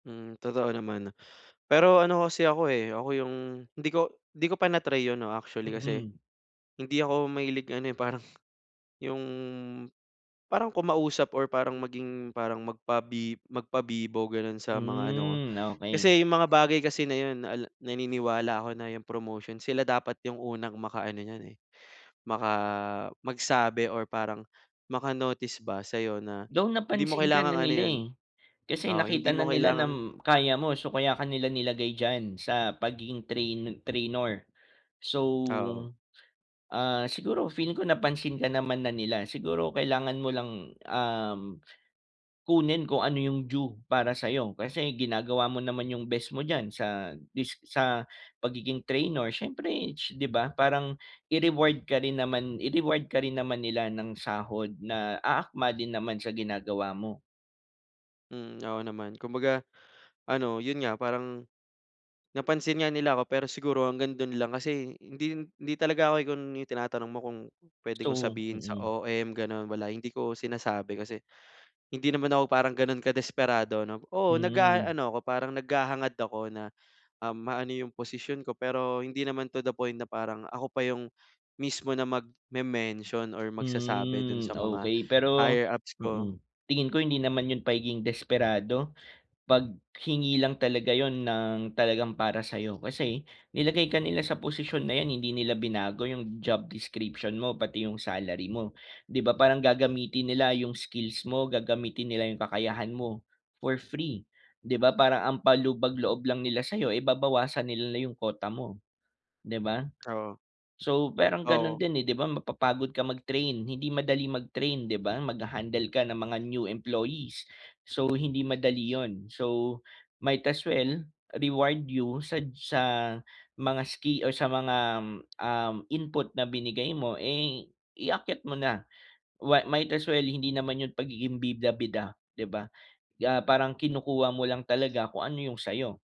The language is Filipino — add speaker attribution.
Speaker 1: Hmm, totoo naman. Pero ano kasi ako eh, ako yung hindi ko hindi ko pa na-try 'yon, 'no, actually kasi,
Speaker 2: Mhm.
Speaker 1: hindi ako mahilig ano eh, parang yung, parang kumausap or parang maging, parang magpa magpabibo, gano'n, sa mga ano ko.
Speaker 2: Mm, okey.
Speaker 1: Kasi yung mga bagay kasi na 'yon, ala naniniwala ako na yung promotion, sila dapat yung unang makaano niyan eh, maka magsabi or parang maka-notice ba, sa'yo na,
Speaker 2: Though,
Speaker 1: hindi mo
Speaker 2: napansin ka na
Speaker 1: kailangang ano
Speaker 2: nila
Speaker 1: 'yon
Speaker 2: eh, kasi
Speaker 1: oo, hindi
Speaker 2: nakita na
Speaker 1: mo
Speaker 2: nila
Speaker 1: kailangang
Speaker 2: nam kaya mo. So, kaya ka nila nilagay diyan, sa pagiging train trainor. So,
Speaker 1: Oo.
Speaker 2: ah, siguro feeling ko napansin ka naman na nila, siguro kailangan mo lang, um, kunin kung ano yung due para sa'yo. Kasi ginagawa mo naman yung best mo diyan sa dis sa pagiging trainor siyempre, 'di ba? Parang i-reward ka rin naman i-reward ka rin naman nila ng sahod na aakma din naman sa ginagawa mo.
Speaker 1: Mm, oo naman. Kumbaga ano, 'yon nga, parang, napansin nga nila ako pero siguro hanggang do'n lang kasi hindi hindi talaga ako igun yung tinatanong mo kung, puwede kong
Speaker 2: So
Speaker 1: sabihin sa
Speaker 2: mm.
Speaker 1: OM, gano'n, wala hindi ko sinasabi kasi, hindi naman ako parang gano'n kadesperado, 'no? Oo,
Speaker 2: Hmm.
Speaker 1: nag-aano ako, parang naghahangad ako na, um, maano yung posisyon ko, pero hindi naman to the point na parang, ako pa yung mismo na mag-me-mention or magsasabi do'n sa
Speaker 2: Hmm,
Speaker 1: mga
Speaker 2: okey, pero,
Speaker 1: higher-ups ko.
Speaker 2: mm, tingin ko hindi naman 'yon pagiging desperado, paghingi lang talaga 'yon ng talagang para sa'yo. Kasi, nilagay ka nila sa posisyon na yan, hindi nila binago yung job description mo, pati yung salary mo. 'Di ba, parang gagamitin nila yung skills mo, gagamitin nila yung kakayahan mo, for free, 'di ba, parang ang pampalubag-loob lang nila sa'yo eh, babawasan nila na, yung quota mo, 'di ba?
Speaker 1: Oo.
Speaker 2: So, parang gano'n
Speaker 1: Oo.
Speaker 2: din eh, 'di ba, mapapagod ka mag-train, hindi madaling mag-train, 'di ba? Mag-ha-handle ka ng mga new employees, so, hindi madali 'yon. So, might as well, reward you sad sa mga ski or sa mga, um, input na binigay mo, eh, iakyat mo na, wa might as well, hindi naman 'yon pagiging bida-bida, 'di ba, ah, parang kinukuha mo lang talaga kung ano yung sa'yo.